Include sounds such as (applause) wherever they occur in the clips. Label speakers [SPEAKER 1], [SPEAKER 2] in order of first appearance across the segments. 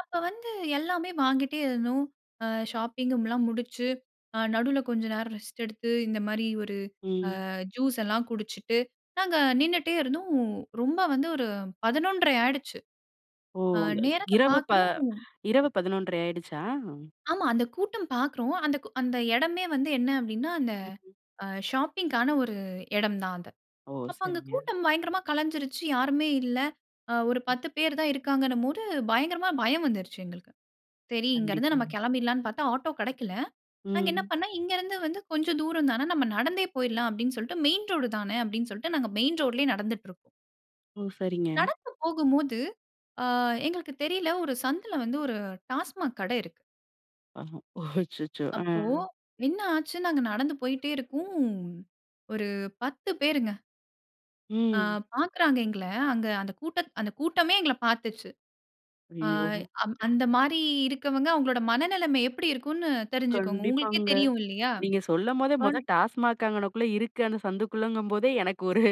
[SPEAKER 1] அப்ப வந்து எல்லாமே வாங்கிட்டே இருந்தோம் ஷாப்பிங் எல்லாம் முடித்து நடுவுல கொஞ்சம் நேரம் ரெஸ்ட் எடுத்து இந்த மாதிரி ஒரு
[SPEAKER 2] ம்.
[SPEAKER 1] ஜூஸ் எல்லாம் குடிச்சுட்டு நாங்க நின்னுட்டே இருந்தோம் ரொம்ப வந்து ஒரு 11:30 ஆயிடுச்சு.
[SPEAKER 2] ஓ.
[SPEAKER 1] ஆ நேரத்தை
[SPEAKER 2] இரவு ப
[SPEAKER 1] பார்க்கிறோம்
[SPEAKER 2] இரவு 11:30 ஆயிடுச்சா?
[SPEAKER 1] ஆமாம். அந்தக் கூட்டம் பார்க்கறோம். அந் அந்த இடமே வந்து என்ன அப்படின்னா அந்த
[SPEAKER 2] ம்ஹ்ம்.
[SPEAKER 1] ஷாப்பிங்க்கான ஒரு இடம் தான் அது.
[SPEAKER 2] ஓஹ்.
[SPEAKER 1] அப்போ அங்க
[SPEAKER 2] சரிங்க.
[SPEAKER 1] கூட்டம் பயங்கரமா கலஞ்சிடுச்சு யாருமே இல்லை ஒரு
[SPEAKER 2] ம்.
[SPEAKER 1] 10 பேர் தான் இருக்காங்கன்னும் போது பயங்கரமாக பயம் வந்துருச்சு எங்களுக்கு. சரி இங்கேந்து
[SPEAKER 2] கண்டிப்பா.
[SPEAKER 1] நம்ம கிளம்பிடலாம்னு பார்த்தா ஆட்டோ கிடைக்கல. நாங்க என்ன
[SPEAKER 2] ம்.
[SPEAKER 1] பண்ணோம் இங்கேருந்து வந்து கொஞ்சம் தூரம் தானே நம்ம நடந்தே போயிடலாம் அப்படின்னு சொல்லிட்டு மெயின் ரோடு தானே அப்படின்னு சொல்லிட்டு நாங்க மெயின் ரோட்லேயே நடந்துட்டு இருக்கோம்.
[SPEAKER 2] ஓ சரிங்க.
[SPEAKER 1] நடந்து போகும்போது ஆ எங்களுக்கு தெரியவில்லை ஒரு சந்துல வந்து ஒரு Tasmac கடை இருக்கு.
[SPEAKER 2] அஹ. ஓஹ் அச்சச்சோ. அ.
[SPEAKER 1] அப்போ என்ன ஆச்சு நாங்க நடந்து போய்கொண்டே இருக்கோம். ஒரு 10 பேர். ஆ.
[SPEAKER 2] ம்.
[SPEAKER 1] பாக்குறாங்க எங்கள அங்க அந்த கூட்டம் கூட்டமே எங்கள பார்த்துச்சு. ஆ
[SPEAKER 2] ஐயயோ!
[SPEAKER 1] அந்த மாரி இருக்கவங்க அவங்களோட மனநிலைமை எப்படி இருக்கும்ன்னு தெரிஞ்சுக்கோங்க. உங்களுக்கே
[SPEAKER 2] கண்டிப்பாங்க.
[SPEAKER 1] தெரியும் இல்லையா?
[SPEAKER 2] நீங்க சொல்லம்போதே,
[SPEAKER 1] வா
[SPEAKER 2] மொத Tasmac அங்கனக்குள்ள இருக்கு. அந்த சந்துக்குள்ளங்கும் போதே, எனக்கு (chuckles) ஒரு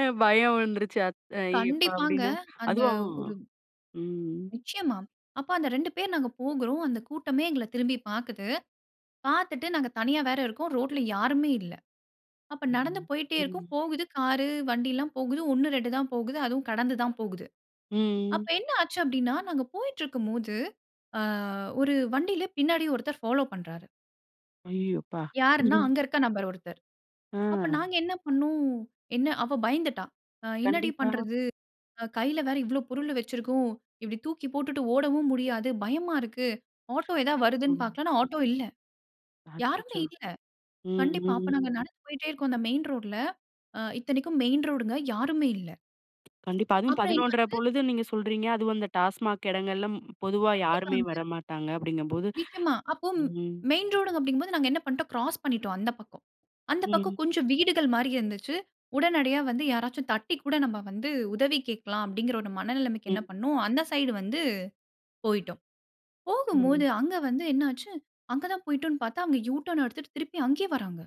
[SPEAKER 2] அ பயம் வந்துருச்சு. "அய்ய யப்பா"
[SPEAKER 1] கண்டிப்பங்க
[SPEAKER 2] அப்டின்னு.
[SPEAKER 1] அந்த
[SPEAKER 2] அதுவும்
[SPEAKER 1] ஒரு
[SPEAKER 2] ம்.
[SPEAKER 1] நிச்சயமா, அப்போ அந்த 2 பேர் நாங்க போகிறோம். அந்த கூட்டமே எங்கள திரும்பி பாக்கிது. பாத்துட்டு நாங்க தனியா வேற இருக்கோம். ரோட்ல யாருமே இல்ல. அப்ப நடந்து
[SPEAKER 2] ம்.
[SPEAKER 1] போயிட்டே
[SPEAKER 2] ம்.
[SPEAKER 1] இருக்கோம். போகுது காரு வண்டில்லாம் போகுது. 1 2 தான் போகுது. அதுவும் கடந்து தான் போகுது.
[SPEAKER 2] ம்.
[SPEAKER 1] அப்ப என்ன ஆச்சு அப்டின்னா. நாங்க போயிட்டு இருக்கும் போது, அ ஒரு வண்டில பின்னாடி ஒருத்தர் ஃபாலோ பண்றாரு.
[SPEAKER 2] ஐயயோ அப்பா.
[SPEAKER 1] யார்ன்னா,
[SPEAKER 2] (chuckles)
[SPEAKER 1] அங்க இருக்க நபர் ஒருத்தர். அப்போ
[SPEAKER 2] ம்!
[SPEAKER 1] நாங்க என்ன பண்னோம், என்ன அவ பயந்துட்டா. அ என்னடி
[SPEAKER 2] கண்டிப்பா.
[SPEAKER 1] பண்றது? அ கைல வேற இவ்வளோ பொருளு வச்சிருக்கோம். இப்படி தூக்கி போட்டுட்டு ஓடவும் முடியாது. பயமா இருக்கு. ஆட்டோ ஏதாவது
[SPEAKER 2] ஓ.
[SPEAKER 1] வருதுன்னு பார்க்கலாம்ன்னா, ஆட்டோ இல்ல. யாருமே
[SPEAKER 2] அச்சச்சோ.
[SPEAKER 1] இல்ல.
[SPEAKER 2] ம்,
[SPEAKER 1] கண்டிப்பா, அப்ப
[SPEAKER 2] ம்.
[SPEAKER 1] நாங்க நடந்து போய்ட்டே இருக்கோம் அந்த மெயின் ரோட்ல. அ இத்தனைக்கும் மெயின் ரோடுங்க. யாருமே இல்ல.
[SPEAKER 2] கண்டிப்பா அதுவும்
[SPEAKER 1] அப்புறம்
[SPEAKER 2] 11:30
[SPEAKER 1] இன்னொண்ணு
[SPEAKER 2] பொழுது நீங்க சொல்றீங்க. அதுவும் அந்த Tasmac எடங்கள்ல பொதுவா யாருமே
[SPEAKER 1] கண்டிப்பாங்க.
[SPEAKER 2] வரமாட்டாங்க அப்படிங்கம் போது.
[SPEAKER 1] நிச்சயமா, அப்போ
[SPEAKER 2] ம்.
[SPEAKER 1] மெயின் ரோடுங்க அப்டிங்கும்போது, போது நாங்க என்ன பண்ணிட்டோம், கிராஸ் பண்ணிட்டோம் அந்த பக்கம். அந்த
[SPEAKER 2] ம்.
[SPEAKER 1] பக்கம் கொஞ்சம் வீடுகள் மாரி இருந்துச்சு. உடனடியா வந்து யாராச்சும் தட்டிக் கூட நம்ப வந்து உதவி கேட்கலாம். அப்டிங்குற ஒரு மனநிலைமைக்கு என்ன
[SPEAKER 2] ம்.
[SPEAKER 1] பண்னோம், அந்த சைடு வந்து போய்ட்டோம்.
[SPEAKER 2] ஓ.
[SPEAKER 1] போகும்போது, அங்க வந்து என்ன ஆச்சு? அங்க தான் போய்ட்டோன்னு பாத்தா, அவுங்க யூ டர்ன் எடுத்துட்டு திருப்பி அங்கேயே வராங்க.